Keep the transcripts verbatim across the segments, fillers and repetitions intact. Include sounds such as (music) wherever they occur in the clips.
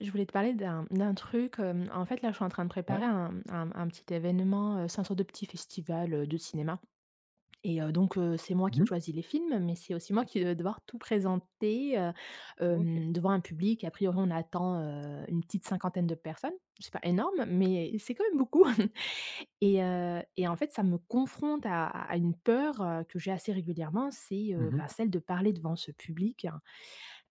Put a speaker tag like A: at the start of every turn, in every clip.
A: Je voulais te parler d'un, mmh, d'un truc. Hem, en fait, là, je suis en train de préparer
B: Ouais.
A: un, mmh, un un petit événement. Heu, c'est un sorte de petit festival, heu, de cinéma et heu, donc heu, c'est moi
B: Mmh
A: qui
B: mh.
A: choisis les films, mais c'est aussi moi qui vais devoir tout présenter, heu,
B: OK.
A: hem, devant un public. A priori, on attend, heu, une petite cinquantaine de personnes. C'est pas énorme, mais c'est quand même beaucoup (chuckles) et heu et en fait, ça me confronte à à une peur, heu, que j'ai assez régulièrement. C'est, heu,
B: Mmh mh.
A: bah, celle de parler devant ce public.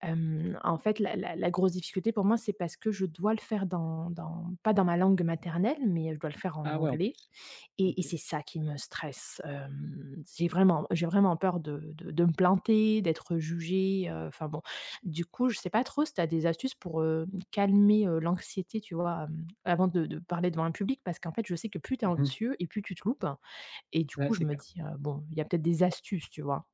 A: Hem, en fait, la la la grosse difficulté pour moi, c'est parce que je dois le faire dans dans pas dans ma langue maternelle, mais, heu, je dois le faire en
B: Ah, ouais, en
A: anglais
B: plus,
A: et et
B: OK.
A: c'est ça qui me stresse. Hem, j'ai vraiment j'ai vraiment peur de de de me planter, d'être jugée, heu, enfin, bon. Du coup, je sais pas trop si tu as des astuces pour, heu, calmer, heu, l'anxiété, tu vois, hem, avant de de parler devant un public parce qu'en fait, je sais que plus tu es
B: Mmh mh.
A: anxieux et plus tu te loupes et du
B: Ouais,
A: coup, je
B: c'est
A: me
B: clair.
A: dis, heu: «Bon, il y a peut-être des astuces», tu vois?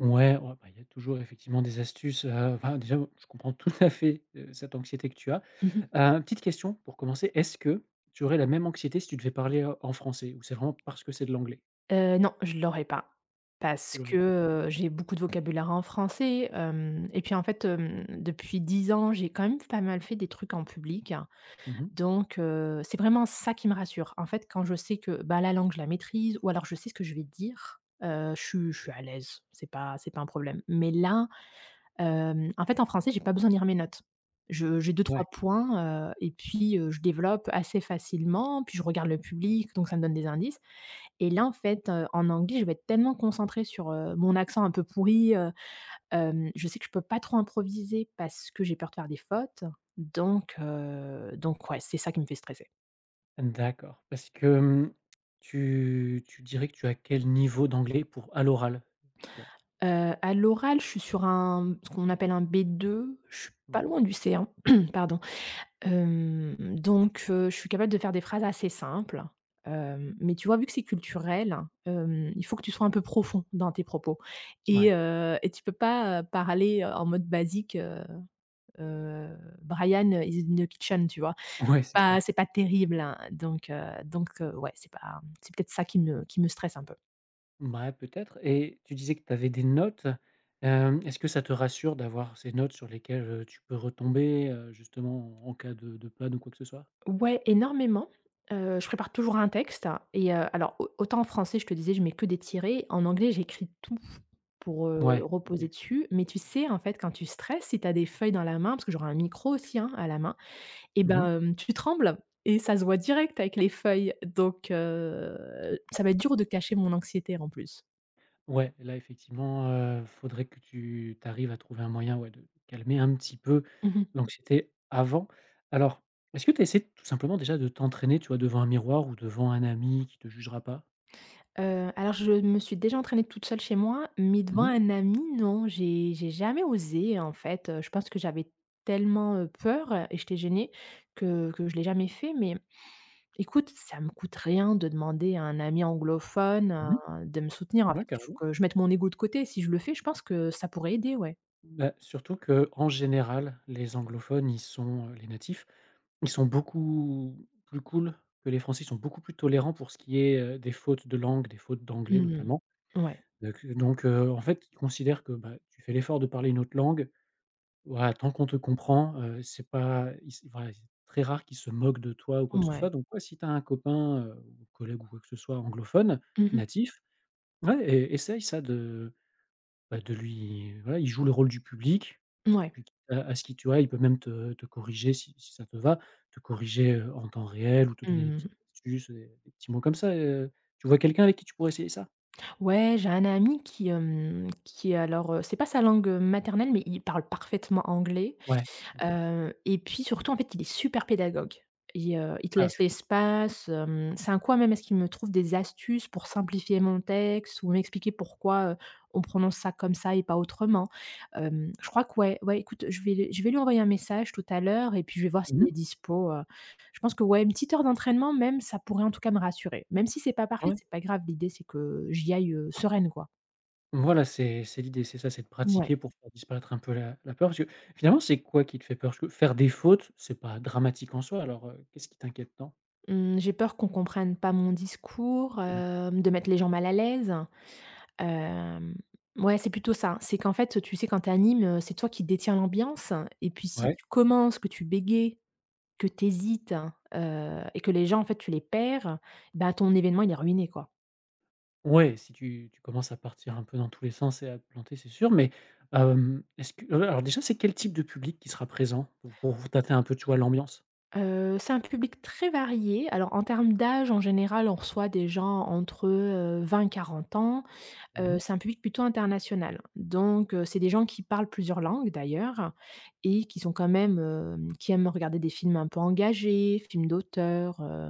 B: Ouais, ouais, ben, il y a toujours, effectivement, des astuces. Heu, enfin, déjà, moi, je comprends tout à fait, heu, cette anxiété que tu as.
A: Mmh mh.
B: Heu, une petite question pour commencer: «Est-ce que tu aurais la même anxiété si tu devais parler, heu, en français ou c'est vraiment parce que c'est de l'anglais»?
A: Heu, non, je l'aurais pas parce
B: Je vois. Ouais, d'accord.
A: que, heu, j'ai beaucoup de vocabulaire en français, hem, et puis, en fait, hem, depuis dix ans, j'ai quand même f pas mal fait des trucs en public.
B: Mmh mh.
A: Donc heu, c'est vraiment ça qui me rassure. En fait, quand je sais que, bah, la langue, je la maîtrise ou alors je sais ce que je vais dire, heu, je suis je suis à l'aise. C'est pas c'est pas un problème. Mais là, hem, en fait, en français, j'ai pas besoin de lire mes notes. Je j'ai deux-trois
B: Ouais.
A: points, heu et puis, heu, je développe assez facilement. Puis je regarde le public, donc ça me donne des indices. Et là, en fait, heu, en anglais, je vais être tellement concentrée sur, heu, mon accent un peu pourri, heu, hem, je sais que je peux pas trop improviser parce que j'ai peur de faire des fautes. Donc heu, donc ouais, c'est ça qui me fait stresser.
B: D'accord. Parce que mmh, tu tu dirais que tu as quel niveau d'anglais pour à l'oral? Toi?
A: Heu, à l'oral, je suis sur un ce qu'on appelle un B2. Je suis pas
B: Ouais.
A: loin du C1, (clears throat) pardon. Hem donc heu, je suis capable de faire des phrases assez simples. Hem mais tu vois, vu que c'est culturel, hem, il faut que tu sois un peu profond dans tes propos et
B: Ouais.
A: heu, et tu peux pas, heu, parler, heu, en mode basique, heu heu: «Brian is in the kitchen», tu vois?
B: Ouais,
A: C'est
B: c'est
A: pas
B: clair.
A: c'est pas terrible, hein. Donc heu donc heu, ouais, c'est pas, mmh, c'est peut-être ça qui ne qui me stresse un peu.
B: Mouais, peut-être et tu disais que tu avais des notes. Hem, est-ce que ça te rassure d'avoir ces notes sur lesquelles, heu, tu peux retomber, heu, justement, en en cas de de panne ou quoi que ce soit?
A: Ouais, énormément. Heu, je prépare toujours un texte et heu, alors, au autant en français, je te disais, je mets que des tirets. En anglais, j'écris tout pour, heu,
B: Ouais,
A: reposer
B: OK.
A: dessus. Mais tu sais, en fait, quand tu stresses, si tu a des feuilles dans la main, parce que j'aurai un micro aussi, hein, à la main et
B: Mmh mh.
A: ben, hem, tu trembles et ça se voit direct avec les feuilles. Donc heu, ça va être dur de cacher mon anxiété, en plus.
B: Ouais, là, effectivement, heu, faudrait que tu tu arrives à trouver un moyen, ouais, de calmer un petit peu
A: Mmh mh.
B: l'anxiété avant. Alors, est-ce que tu as essayé, tout simplement, déjà, de t'entraîner, tu vois, devant un miroir ou devant un ami qui te jugera pas?
A: Heu, alors, je me suis déjà entraînée toute seule chez moi mais devant
B: Mmh mh.
A: un ami, non. J'ai j'ai jamais osé. En fait, heu, je pense que j'avais tellement, heu, peur, heu et j'étais gênée que que je l'ai jamais fait. Mais, écoute, ça me coûte rien de demander à un ami anglophone,
B: Mmh
A: heu, de me soutenir. En
B: mh. Ouais,
A: fait, il faut
B: carrément.
A: que je mette mon ego de côté. Si je le fais, je pense que ça pourrait aider, ouais.
B: Bah, surtout qu'en général, les anglophones, ils sont, heu, les natifs, ils sont beaucoup plus cools que les français. Ils sont beaucoup plus tolérants pour ce qui est, heu, des fautes de langue, des fautes d'anglais,
A: Mmh.
B: notamment.
A: Ouais.
B: Donc donc heu, en fait, ils considèrent que, bah, tu fais l'effort de parler une autre langue. Voilà, tant qu'on te comprend, heu, c'est pas, ils c'est ouais, c'est très rare qu'ils se moquent de toi ou quoi que ce
A: Ouais.
B: soit donc ouais si tu as un copain, heu, ou collègue ou quoi que ce soit, anglophone
A: Mmh mh.
B: natif, ouais es essaye ça de, bah, de lui voilà, il joue le rôle du public,
A: Mouais.
B: puis t heu, à ce qu'il tu vois, il peut même te te corriger si si ça te va, te corriger, heu, en temps réel ou te
A: Mmh
B: donner des
A: mh, mmh.
B: petites astuces et des petits mots comme ça et heu tu vois quelqu'un avec qui tu pourrais essayer ça?
A: Ouais, j'ai un ami qui, hem, qui, alors, heu, c'est pas sa langue, heu, maternelle mais il parle parfaitement anglais,
B: Ouais, OK.
A: heu et puis surtout, en fait, il est super pédagogue et heu, il te
B: Ah,
A: laisse
B: c
A: l'espace, hem. C'est un coup, même, à ce qu'il me trouve des astuces pour simplifier mon texte ou m'expliquer pourquoi, heu, on prononce ça comme ça et pas autrement. Hem, je crois que, ouais, ouais, écoute, je vais l je vais lui envoyer un message tout à l'heure et puis je vais voir
B: Mmh
A: s'il est
B: mh.
A: dispo, heu. Je pense que ouais, une petite heure d'entraînement, même, ça pourrait, en tout cas, me rassurer. Même si c'est pas
B: Ah
A: parfait,
B: ouais?
A: c'est pas grave. L'idée, c'est que j'y aille, heu, sereine, quoi.
B: Voilà, c'est c'est l'idée. C'est ça, c'est de
A: Mouais.
B: pratiquer pour faire disparaître un peu la la peur. Parce que finalement, c'est quoi qui te fait peur? Parce que faire des fautes, c'est pas dramatique en soi. Alors, heu, qu'est-ce qui t'inquiète tant?
A: Mmh, j'ai peur qu'on comprenne pas mon discours,
B: Mmh.
A: hem, de mettre les gens mal à l'aise. Hem, mouais, c'est plutôt ça. C'est qu'en fait, tu sais, quand tu animes, c'est toi qui détient l'ambiance. Et puis, si
B: Ouais.
A: tu commences, que tu bégaies, que tu hésites, heu et que les gens, en fait, tu les perds, bah, ton événement, il est ruiné, quoi.
B: Ouais, si tu tu commences à partir un peu dans tous les sens et à te planter, c'est sûr. Mais hem, est-ce que ouais. Alors déjà, c'est quel type de public qui sera présent pour pour tâter un peu, tu vois, l'ambiance?
A: Heu, c'est un public très varié. Alors, en termes d'âge, en général, on reçoit des gens entre, heu, vingt et quarante ans.
B: Mmh
A: Heu,
B: mh.
A: c'est un public plutôt international. Donc heu, c'est des gens qui parlent plusieurs langues, d'ailleurs et qui sont quand même, heu, qui aiment regarder des films un peu engagés, films d'auteur, heu,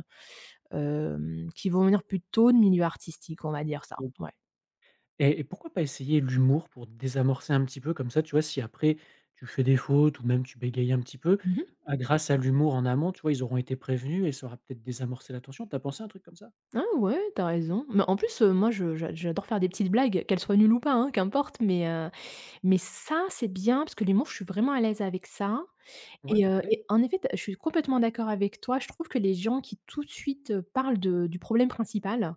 A: hem, qui vont venir plutôt de milieux artistiques, on va dire ça,
B: OK.
A: ouais.
B: Et et pourquoi pas essayer l'humour pour désamorcer un petit peu? Comme ça, tu vois, si après, tu fais des fautes ou même tu bégayes un petit peu,
A: Mmh mh.
B: à grâce à l'humour en amont, tu vois, ils auront été prévenus et ça aura peut-être désamorcé la tension. Tu as pensé à un truc comme ça?
A: Ah ouais, tu as raison. Mais en plus, heu, moi je je j'adore faire des petites blagues, qu'elles soient nulles ou pas, hein, qu'importe. Mais heu mais ça, c'est bien parce que les mots, je suis vraiment à l'aise avec ça.
B: Ouais,
A: Et heu
B: parfait.
A: et en effet, te je suis complètement d'accord avec toi. Je trouve que les gens qui, tout de suite, heu, parlent de du problème principal,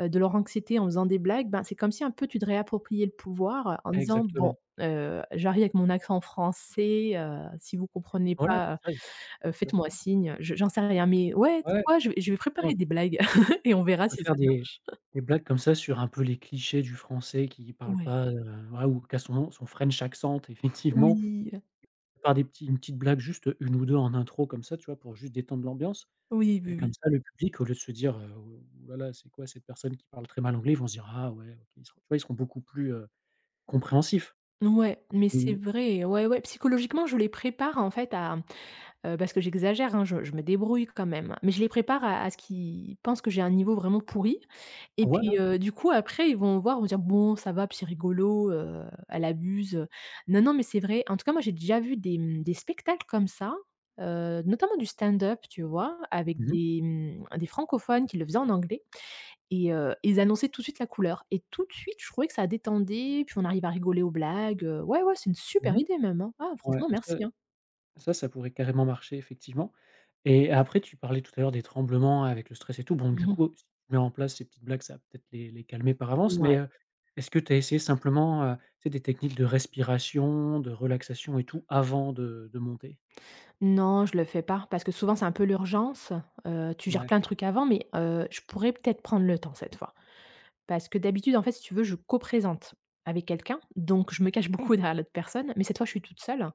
A: heu, de leur anxiété en faisant des blagues, beh, c'est comme si, un peu tu te réappropriais le pouvoir en disant: «Bon,
B: Exactement.
A: heu, j'arrive avec mon accent français. Heu, si vous comprenez
B: Voilà,
A: pas,
B: (unintelligible)
A: heu,
B: tout à
A: faites-moi
B: fait.
A: signe». Je j'en sais rien. Mais ouais,
B: Ouais,
A: tu
B: ouais,
A: vois? Je vais je vais
B: exactement
A: préparer
B: tu
A: des blagues. (chuckles) Et on verra
B: On peut
A: si ça
B: faire
A: marche.
B: des
A: (chuckles)
B: des blagues comme ça sur un peu les clichés du Français qui parle
A: Ouais.
B: pas, heu, voilà, ou qu'à son son French accent, effectivement,
A: Oui, heu
B: par des petits une petite blague, juste un ou deux en intro, comme ça, tu vois? Pour juste détendre l'ambiance
A: Oui, oui,
B: et comme
A: oui.
B: ça, le public, au lieu de se dire, heu, voilà: «C'est quoi cette personne qui parle très mal anglais?», ils vont se dire: «Ah ouais, OK». Tu vois? Ils seront beaucoup plus, heu, compréhensifs.
A: Ouais mais c'est
B: Mmh.
A: vrai. Ouais, ouais. Psychologiquement, je les prépare, en fait, à, heu, parce que j'exagère, hein. Je je me débrouille quand même. Mais je les prépare à à ce qu'ils pensent que j'ai un niveau vraiment pourri et puis,
B: Voilà,
A: heu, du
B: exactement.
A: coup, après, ils vont voir, ils vont dire: «Bon, ça va, puis c'est rigolo, heu, elle abuse». Non non mais c'est vrai. En tout cas, moi, j'ai déjà vu des, mmh, des spectacles comme ça, heu, notamment du stand-up, tu vois? Avec
B: Mmh.
A: des, mmh, des francophones qui le faisaient en anglais et heu, ils annonçaient tout de suite la couleur. Et tout de suite, je trouvais que ça détendait. Puis on arrive à rigoler aux blagues, heu, ouais, ouais, c'est une super
B: Mmh mh.
A: idée même, hein. Ah
B: Ouais
A: franchement,
B: et ça
A: merci, hein.
B: ça, ça pourrait carrément marcher, effectivement. Et après, tu parlais tout à l'heure des tremblements avec le stress et tout. Bon,
A: Mmh
B: du
A: mh.
B: coup, si tu mets en place ces petites blagues, ça va peut-être les les calmer par avance.
A: Ouais.
B: Mais heu, est-ce que tu as essayé, simplement, heu, tu sais, des techniques de respiration, de relaxation et tout, avant de de monter?
A: Non, je le fais pas parce que, souvent, c'est un peu l'urgence. Heu, tu gères
B: Ouais.
A: plein de trucs avant mais heu, je pourrais peut-être prendre le temps cette fois. Parce que, d'habitude, en fait, si tu veux, je co-présente avec quelqu'un donc je me cache beaucoup derrière l'autre personne. Mais cette fois, je suis toute seule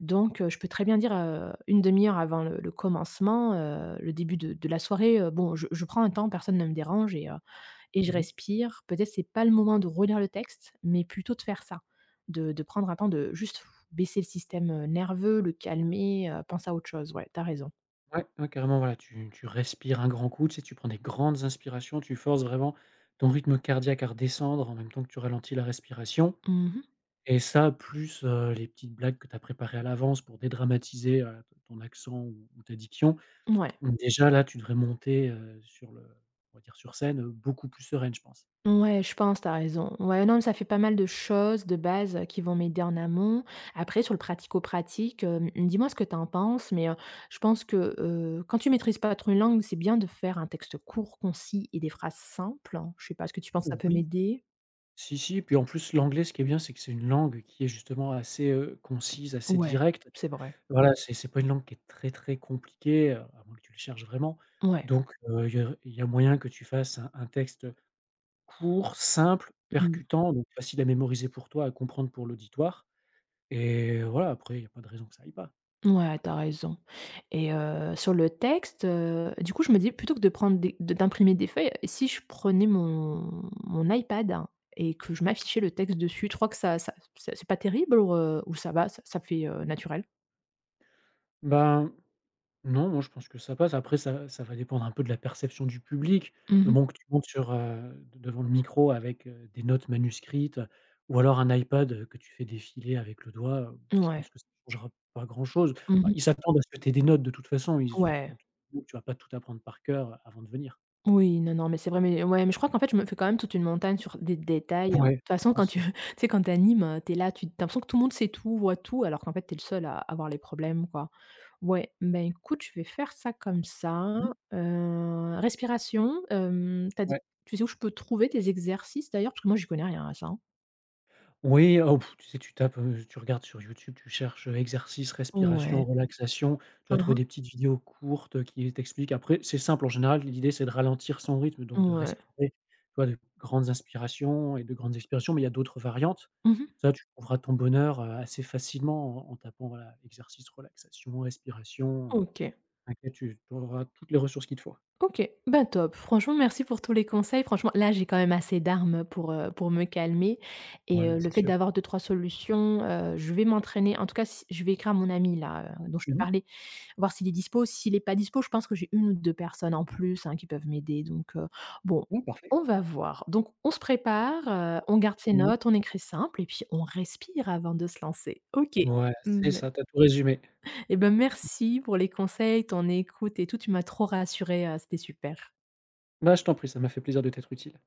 A: donc heu, je peux très bien dire, heu, une demi heure avant le le commencement, heu, le début de de la soirée: «Heu, bon, je je prends un temps, personne ne me dérange» et heu et je
B: Mmh mh.
A: respire. Peut-être, c'est pas le moment de relire le texte, mais plutôt de faire ça. De de prendre un temps, de juste (blows air) baisser le système, heu, nerveux, le calmer, heu, penser à autre chose. Ouais, tu as raison.
B: Ouais, ouais, carrément. Voilà, tu tu respires un grand coup. Tu sais, tu prends des grandes inspirations. Tu forces vraiment ton rythme cardiaque à redescendre en même temps que tu ralentis la respiration
A: Mmh mh.
B: et ça, plus, heu, les petites blagues que tu as préparées à l'avance pour dédramatiser, heu, t ton accent ou ou ta diction.
A: Ouais.
B: Donc déjà, là, tu devrais monter, heu, sur le on va dire, sur scène, heu, beaucoup plus sereine, je pense.
A: Ouais, je pense. Tu as raison. Ouais, mais non, ça fait pas mal de choses de base qui vont m'aider en amont. Après sur le pratico-pratique, heu, mmh, dis-moi ce que tu en penses mais heu, je pense que, heu, quand tu maîtrises pas trop une langue, c'est bien de faire un texte court, concis et des phrases simples. Je sais pas ce que tu penses. Ça peut
B: Oui.
A: m'aider?
B: Si, si. Puis en plus, l'anglais, ce qui est bien, c'est que c'est une langue qui est justement assez, heu, concise, assez
A: Ouais,
B: directe.
A: c'est vrai.
B: Voilà, c'est c'est pas une langue qui est très très compliquée, heu, à moins que tu le cherches vraiment.
A: Ouais.
B: Donc heu, il y a il y a moyen que tu fasses un un texte, heu, court, simple,
A: Mmh.
B: percutant donc facile à mémoriser pour toi, à comprendre pour l'auditoire et voilà, après, il y a pas de raison que ça aille pas.
A: Ouais, tu as raison et heu, sur le texte, heu, du coup, je me disais plutôt que de prendre des de d'imprimer des feuilles et si je prenais mon mon iPad et que je m'affichais le texte dessus? Tu crois que ça ça, c'est pas terrible ou r heu, ou ça va, ça ça fait, heu, naturel?
B: Bah, non, moi, je pense que ça passe. Après ça ça va dépendre un peu de la perception du public.
A: Mmh
B: Le
A: mh.
B: moment que tu montes sur, heu, devant le micro avec, heu, des notes manuscrites ou alors un iPad, heu, que tu fais défiler avec le doigt, heu, je
A: Mouais.
B: pense que ça changera pas grand chose.
A: Mmh
B: Ah,
A: mh.
B: ils s'attendent à ce que tu aies des notes, de toute façon. Ils se
A: Ouais.
B: doutent au que tu vas pas tout apprendre par coeur, a avant de venir.
A: Oui, non, non mais c'est vrai mais ouais mais je crois qu'en fait, je me fais, quand même, toute une montagne sur des détails, hein. De
B: Ouais,
A: toute
B: je
A: façon, quand
B: pense,
A: tu
B: ouais.
A: tu sais, quand tu animes, heu, tu es là, tu tu as l'impression que tout le monde sait tout, voit tout, alors qu'en fait, tu es le seul à à voir les problèmes, quoi. Ouais, ben, écoute, je vais faire ça comme ça,
B: Mmh.
A: heu, respiration, hem, tu as dit
B: Ouais.
A: tu sais où je peux trouver tes exercices, d'ailleurs, parce que moi, j'y connais rien à ça, hein.
B: Oui, oh! (blows air) Tu sais, tu tapes, heu, tu regardes sur YouTube. Tu cherches, heu, exercices,
A: Ouais.
B: respiration, relaxation. Tu vas
A: Hein,
B: trouver
A: hein.
B: des petites vidéos courtes, heu, qui t'expliquent. Après, c'est simple. En général, l'idée, c'est de ralentir son rythme donc de
A: Ouais.
B: respirer, tu vois, de grandes inspirations et de grandes expirations mais il y a d'autres variantes.
A: Mmh mh.
B: Ça, tu trouveras ton bonheur, heu, assez facilement, en en tapant, voilà, exercices, relaxation, respiration, heu,
A: OK.
B: inquiétude. Tu trouveras toutes les ressources qu'il te faut.
A: OK. Ben, top. Franchement, merci pour tous les conseils. Franchement, là, j'ai, quand même, assez d'armes pour, heu, pour me calmer
B: Ouais,
A: et heu, le
B: c'est
A: fait
B: sûr.
A: d'avoir deux-trois solutions, heu, je vais m'entraîner. En tout cas, c je vais écrire à mon ami-là, heu, dont je te
B: Mmh mh.
A: parlais, voir s'il est dispo. S'il est pas dispo, je pense que j'ai une ou deux personnes en plus, hein, qui peuvent m'aider. Donc heu, bon,
B: Oui, parfait.
A: on va voir. Donc on se prépare, heu, on garde ses
B: Mmh.
A: notes, on écrit simple et puis on respire avant de se lancer. OK.
B: Ouais, c'est
A: Mmh ouais.
B: ça, tu as tout résumé.
A: Eh, ben, merci pour les conseils, ton écoute et tout. Tu m'as trop rassurée, heu, c'était super.
B: Bah, je t'en prie. Ça m'a fait plaisir de t'être utile.